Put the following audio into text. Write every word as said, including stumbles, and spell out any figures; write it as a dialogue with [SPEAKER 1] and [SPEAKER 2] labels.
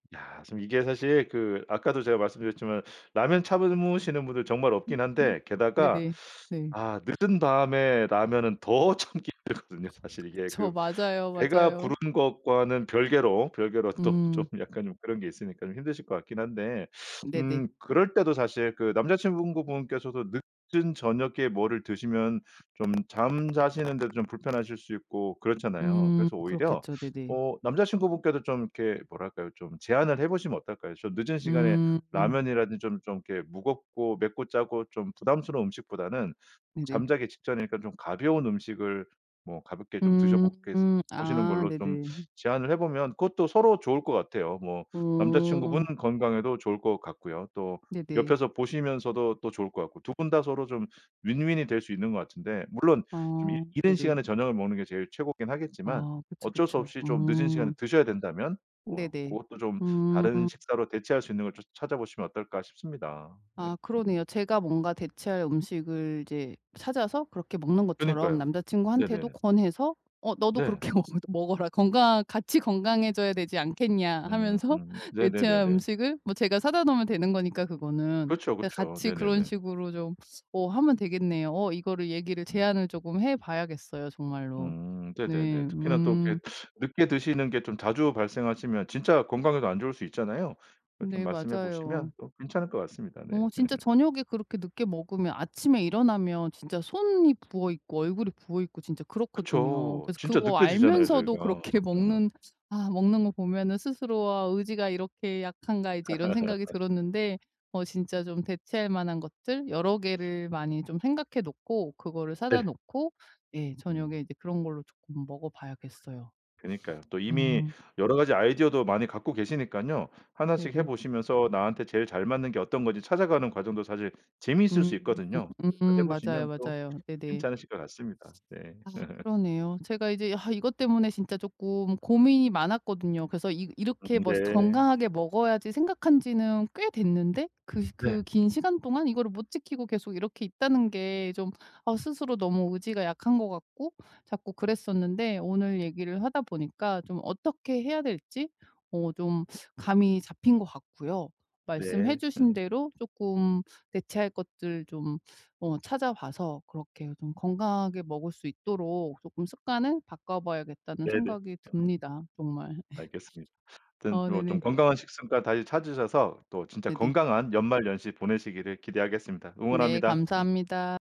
[SPEAKER 1] 이야. 지금 이게 사실 그 아까도 제가 말씀드렸지만 라면 참으시는 분들 정말 없긴 한데 게다가
[SPEAKER 2] 네네. 네.
[SPEAKER 1] 아 늦은 밤에 라면은 더 참기 힘들거든요. 사실 이게
[SPEAKER 2] 그쵸.
[SPEAKER 1] 그
[SPEAKER 2] 맞아요,
[SPEAKER 1] 배가
[SPEAKER 2] 맞아요.
[SPEAKER 1] 부른 것과는 별개로 별개로 또 좀
[SPEAKER 2] 음.
[SPEAKER 1] 약간 좀 그런 게 있으니까 좀 힘드실 것 같긴 한데
[SPEAKER 2] 네네.
[SPEAKER 1] 음 그럴 때도 사실 그 남자친구분께서도 늦은 저녁에 뭐를 드시면 좀 잠 자시는 데도 좀 불편하실 수 있고 그렇잖아요.
[SPEAKER 2] 음
[SPEAKER 1] 그래서 오히려
[SPEAKER 2] 그렇겠죠. 네네.
[SPEAKER 1] 어 남자친구분께도 좀 이렇게 뭐랄까요? 좀 제안을 해 보시면 어떨까요? 좀 늦은 시간에
[SPEAKER 2] 음.
[SPEAKER 1] 라면이라든지 좀 좀 이렇게 무겁고 맵고 짜고 좀 부담스러운 음식보다는
[SPEAKER 2] 네네.
[SPEAKER 1] 잠자기 직전이니까 좀 가벼운 음식을 뭐 가볍게 좀 드셔보게
[SPEAKER 2] 음.
[SPEAKER 1] 보시는
[SPEAKER 2] 아
[SPEAKER 1] 걸로 좀
[SPEAKER 2] 네네.
[SPEAKER 1] 제안을 해 보면 그것도 서로 좋을 것 같아요. 뭐 남자친구분
[SPEAKER 2] 오.
[SPEAKER 1] 건강에도 좋을 것 같고요. 또
[SPEAKER 2] 네네.
[SPEAKER 1] 옆에서 보시면서도 또 좋을 것 같고 두 분 다 서로 좀 win-win이 될 수 있는 것 같은데 물론 좀 이
[SPEAKER 2] 어
[SPEAKER 1] 이른
[SPEAKER 2] 네네.
[SPEAKER 1] 시간에 저녁을 먹는 게 제일 최고긴 하겠지만
[SPEAKER 2] 아 그쵸,
[SPEAKER 1] 어쩔 수
[SPEAKER 2] 그쵸.
[SPEAKER 1] 없이 좀 늦은 시간에
[SPEAKER 2] 음.
[SPEAKER 1] 드셔야 된다면 뭐
[SPEAKER 2] 네네.
[SPEAKER 1] 고것도 좀 다른
[SPEAKER 2] 음.
[SPEAKER 1] 식사로 대체할 수 있는 걸 좀 찾아보시면 어떨까 싶습니다. 네.
[SPEAKER 2] 아 그러네요. 제가 뭔가 대체할 음식을 이제 찾아서 그렇게 먹는 것처럼
[SPEAKER 1] 그니까요.
[SPEAKER 2] 남자친구한테도
[SPEAKER 1] 네네네.
[SPEAKER 2] 권해서 "어 너도
[SPEAKER 1] 네.
[SPEAKER 2] 그렇게 먹 먹어라. 건강 같이 건강해져야 되지 않겠냐?"
[SPEAKER 1] 음.
[SPEAKER 2] 하면서
[SPEAKER 1] 음.
[SPEAKER 2] 대체한
[SPEAKER 1] 네네네네.
[SPEAKER 2] 음식을 뭐 제가 사다 놓으면 되는 거니까, 그거는.
[SPEAKER 1] 그쵸,
[SPEAKER 2] 네.
[SPEAKER 1] 그쵸.
[SPEAKER 2] 같이 그런
[SPEAKER 1] 네네네.
[SPEAKER 2] 식으로 좀 어 하면 되겠네요. 어 이거를 얘기를
[SPEAKER 1] 음.
[SPEAKER 2] 제안을 쪼금 해 봐야겠어요, 정말로.
[SPEAKER 1] 음.
[SPEAKER 2] 네.
[SPEAKER 1] 네네네. 특히나 또
[SPEAKER 2] 음.
[SPEAKER 1] 이렇게 늦게 드시는 게 좀 자주 발생하시면 진짜 건강에도 안 좋을 수 있잖아요. 예 좀
[SPEAKER 2] 네.
[SPEAKER 1] 말씀해
[SPEAKER 2] 맞아요.
[SPEAKER 1] 보시면 또 괜찮을 것 같습니다. 네.
[SPEAKER 2] 어 진짜 저녁에 그렇게 늦게 먹으면 아침에 일어나면 진짜 손이 부어있고 얼굴이 부어있고 진짜 그렇거든요.
[SPEAKER 1] 그쵸.
[SPEAKER 2] 그래서
[SPEAKER 1] 진짜
[SPEAKER 2] 그거
[SPEAKER 1] 느껴지잖아요,
[SPEAKER 2] 알면서도
[SPEAKER 1] 저희가.
[SPEAKER 2] 그렇게 먹는 아 먹는 거 보면은 스스로 '아 의지가 이렇게 약한가?' 이제 이런 생각이 들었는데 어 진짜 좀 대체할 만한 것들 여러 개를 많이 좀 생각해 놓고 그거를 사다
[SPEAKER 1] 네.
[SPEAKER 2] 놓고 예 저녁에
[SPEAKER 1] 음.
[SPEAKER 2] 이제 그런 걸로 쪼끔 먹어봐야겠어요.
[SPEAKER 1] 그니까요. 또 이미
[SPEAKER 2] 음.
[SPEAKER 1] 여러 가지 아이디어도 많이 갖고 계시니깐요. 하나 씩 해
[SPEAKER 2] 네네.
[SPEAKER 1] 보시면서 나한테 제일 잘 맞는 게 어떤 건지 찾아가는 과정도 사실 재미있을 수
[SPEAKER 2] 음.
[SPEAKER 1] 있거든요. 그래서 해
[SPEAKER 2] 음 맞아요,
[SPEAKER 1] 보시면 또
[SPEAKER 2] 맞아요. 네네.
[SPEAKER 1] 괜찮으실 것 같습니다. 네.
[SPEAKER 2] 아 그러네요. 제가 이제 이것 때문에 진짜 쪼끔 고민이 많았거든요. 그래서 이 이렇게 뭐
[SPEAKER 1] 네.
[SPEAKER 2] '건강하게 먹어야지.' 생각한 지는 꽤 됐는데 그
[SPEAKER 1] 네.
[SPEAKER 2] 그 긴 시간 동안 이거를 못 지키고 계속 이렇게 있다는 게 좀 아 스스로 너무 의지가 약한 것 같고 자꾸 그랬었는데 오늘 얘기를 하다 보니까 좀 어떻게 해야 될지 어 좀 감이 잡힌 것 같고요. 말씀해
[SPEAKER 1] 네.
[SPEAKER 2] 주신 대로 쪼끔 대체할 것들 좀 어 찾아 봐서 그렇게 좀 건강하게 먹을 수 있도록 쪼끔 '습관을 바꿔 봐야겠다.'는
[SPEAKER 1] 네네.
[SPEAKER 2] 생각이 듭니다, 정말. 예.
[SPEAKER 1] 알겠습니다. 하여튼
[SPEAKER 2] 어
[SPEAKER 1] 뭐 좀
[SPEAKER 2] 네네.
[SPEAKER 1] 건강한 식습관 다시 찾으셔서 또 진짜
[SPEAKER 2] 네네.
[SPEAKER 1] 건강한 연말연시 보내시기를 기대하겠습니다.
[SPEAKER 2] 네.
[SPEAKER 1] 응원합니다. 음.
[SPEAKER 2] 감사합니다.